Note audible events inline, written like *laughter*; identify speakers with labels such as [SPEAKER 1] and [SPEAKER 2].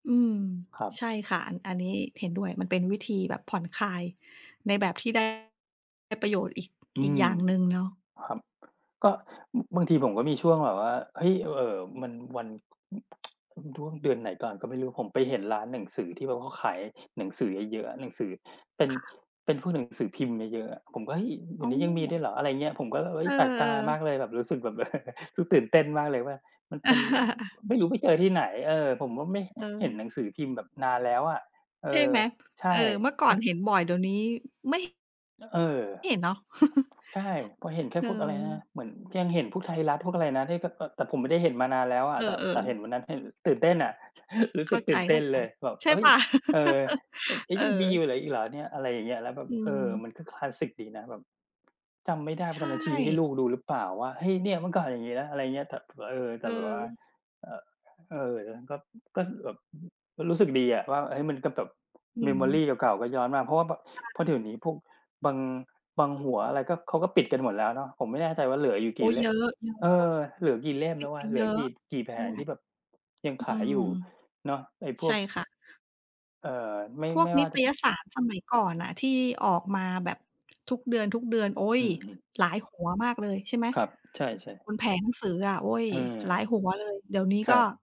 [SPEAKER 1] อืม
[SPEAKER 2] ครับ
[SPEAKER 1] ใช่ค่ะ อัน อันนี้เห็นด้วย มันเป็นวิธีแบบผ่อนคลายในแบบที่ ได้ประโยชน์ อีก
[SPEAKER 2] อื
[SPEAKER 1] อีก
[SPEAKER 2] ม
[SPEAKER 1] อย่างหนึ่งเนาะ
[SPEAKER 2] ครับ ก็ อ บางทีผมก็มีช่วงแบบว่า เฮ้ย! อ เอ่อ มันวัน ช่วง ช่วงเดือนไหนก่อนก็ไม่รู้ ผมไปเห็นร้านหนังสือที่แบบเขาขายหนังสือเยอะ ๆ อะ หนังสือ เป็น
[SPEAKER 1] ค่ะ
[SPEAKER 2] เป็นพวกหนังสือพิมพ์เยอะ ๆ อะ ผมก็ "เฮ้ย! เด
[SPEAKER 1] อ
[SPEAKER 2] ี๋ย
[SPEAKER 1] ๋
[SPEAKER 2] วนี้ยังมีด้ว
[SPEAKER 1] อ
[SPEAKER 2] ยเหรอ?" อะไรอย่างเงี้ย ผมก็เลย เฮ
[SPEAKER 1] เ
[SPEAKER 2] ้
[SPEAKER 1] อ
[SPEAKER 2] ย!
[SPEAKER 1] อ
[SPEAKER 2] แปลกตามาก
[SPEAKER 1] ๆ
[SPEAKER 2] เลย แบบรู้สึกแบบ *chuckles* สึกตื่นเต้นมากเลยว่า มันเป็น
[SPEAKER 1] *chuckles*
[SPEAKER 2] ไม่รู้ไปเจอที่ไหน เออ ผมก็ไม่เห็นห
[SPEAKER 1] เออ
[SPEAKER 2] นังสือพิมพ์แบบนานแล้วอะ เอ
[SPEAKER 1] ใช่
[SPEAKER 2] อ
[SPEAKER 1] ไหม
[SPEAKER 2] ใช
[SPEAKER 1] เอ
[SPEAKER 2] ่
[SPEAKER 1] อ เมื่อก่อ
[SPEAKER 2] พ
[SPEAKER 1] นเห็นบ่อยเดี๋ยวนี้ ไม่
[SPEAKER 2] อ เออ
[SPEAKER 1] เห็นเนาะ *chuckles*
[SPEAKER 2] ใช่ พอเห็นแค่
[SPEAKER 1] เออ
[SPEAKER 2] พวกอะไรนะ เหมือนยังเห็นพวกไทยรัฐ พวกอะไรนะ ที่เขา แต่ แต่ผมไม่ได้เห็นมานานแล้วอ
[SPEAKER 1] เอ
[SPEAKER 2] ะ แต่ แต
[SPEAKER 1] อ
[SPEAKER 2] ่เห
[SPEAKER 1] ๆ
[SPEAKER 2] ็น วันนั้นเห็นตื่นเต้นอะ *chuckles* รู้
[SPEAKER 1] เข
[SPEAKER 2] ส
[SPEAKER 1] ้
[SPEAKER 2] ึ
[SPEAKER 1] า
[SPEAKER 2] กต
[SPEAKER 1] ใจ
[SPEAKER 2] ื่นเต้นเลย แบบ
[SPEAKER 1] ๆ ใช่
[SPEAKER 2] "เฮ
[SPEAKER 1] เ
[SPEAKER 2] ้ย!
[SPEAKER 1] ปล่า?
[SPEAKER 2] เออ อ เฮ้
[SPEAKER 1] *chuckles* เ
[SPEAKER 2] ย!
[SPEAKER 1] ออ
[SPEAKER 2] ยังมีอยู่เหรอ อีกเหรอเนี่ย?" อะไรอย่างเงี้ย แล้วแบ
[SPEAKER 1] อ
[SPEAKER 2] บ
[SPEAKER 1] ื
[SPEAKER 2] เออ
[SPEAKER 1] ม
[SPEAKER 2] มันก็คลาสิกดีนะ แบบ จำไม่ได้
[SPEAKER 1] ใ
[SPEAKER 2] ว่
[SPEAKER 1] ช
[SPEAKER 2] าตอนนั้นให้ชี้
[SPEAKER 1] ่
[SPEAKER 2] ลูกดูหรือเปล่าว่า เฮ้ย! เนี่ยเมื่อก่อนอย่างงี้นะ อะไรอย่างเงี้ย แต่ผมว่า เออ แ
[SPEAKER 1] เ
[SPEAKER 2] ต่แบบว่า
[SPEAKER 1] ออ
[SPEAKER 2] อ เออ ก็ ก็แบบ อ รู้ รู้สึกดีอะ ว่า เฮ้ย! มันก็แบบ
[SPEAKER 1] อืม
[SPEAKER 2] memory เก่า ๆ ก็ย้อนมา เพราะว่าแบบ
[SPEAKER 1] ใ
[SPEAKER 2] เพรา
[SPEAKER 1] ช
[SPEAKER 2] ะเ
[SPEAKER 1] ่
[SPEAKER 2] ดี๋ยวนี้พวกบาง บางหัวอะไร ก็ เขาก็ปิดกันหมดแล้วเนาะ ผมไม่แน่ใจว่าเหลืออยู่
[SPEAKER 1] โ
[SPEAKER 2] ก
[SPEAKER 1] อ๊
[SPEAKER 2] ี่
[SPEAKER 1] ย
[SPEAKER 2] เล
[SPEAKER 1] เย
[SPEAKER 2] ่ม
[SPEAKER 1] อะ
[SPEAKER 2] เออ เหลือกี่เล่ม
[SPEAKER 1] ๆ ป
[SPEAKER 2] แ
[SPEAKER 1] ิ
[SPEAKER 2] ล้
[SPEAKER 1] ด
[SPEAKER 2] ว
[SPEAKER 1] ไ
[SPEAKER 2] อ
[SPEAKER 1] ป
[SPEAKER 2] ะ เห
[SPEAKER 1] เ
[SPEAKER 2] ล
[SPEAKER 1] ย
[SPEAKER 2] ื
[SPEAKER 1] อ
[SPEAKER 2] อ
[SPEAKER 1] ะ
[SPEAKER 2] กี่ กี่แผ
[SPEAKER 1] ใช่
[SPEAKER 2] ง ที่แบบ ยัง
[SPEAKER 1] อื
[SPEAKER 2] ขาย
[SPEAKER 1] ม
[SPEAKER 2] อยู่เนาะ ไอ้พ
[SPEAKER 1] ใช
[SPEAKER 2] ว
[SPEAKER 1] ่
[SPEAKER 2] ก
[SPEAKER 1] ค่ะ
[SPEAKER 2] เอ่อ ไม่
[SPEAKER 1] พว
[SPEAKER 2] ไ
[SPEAKER 1] ก
[SPEAKER 2] ม่
[SPEAKER 1] น
[SPEAKER 2] ว
[SPEAKER 1] ิ
[SPEAKER 2] ่า
[SPEAKER 1] ต
[SPEAKER 2] จะ
[SPEAKER 1] ยสารสมัยก่อ
[SPEAKER 2] อ
[SPEAKER 1] นน่ะที่ออกมา แบบทุกเดือน ๆ โอ๊ย
[SPEAKER 2] อือ ๆ
[SPEAKER 1] หลายหัวมากเลยใช่ไหม?
[SPEAKER 2] ครับ ใช่ ๆ
[SPEAKER 1] บนแผงหนังสืออะ โอ๊ย
[SPEAKER 2] เออ
[SPEAKER 1] หลายหัวเลย เดี๋ยวนี้
[SPEAKER 2] คร
[SPEAKER 1] ก็
[SPEAKER 2] ับ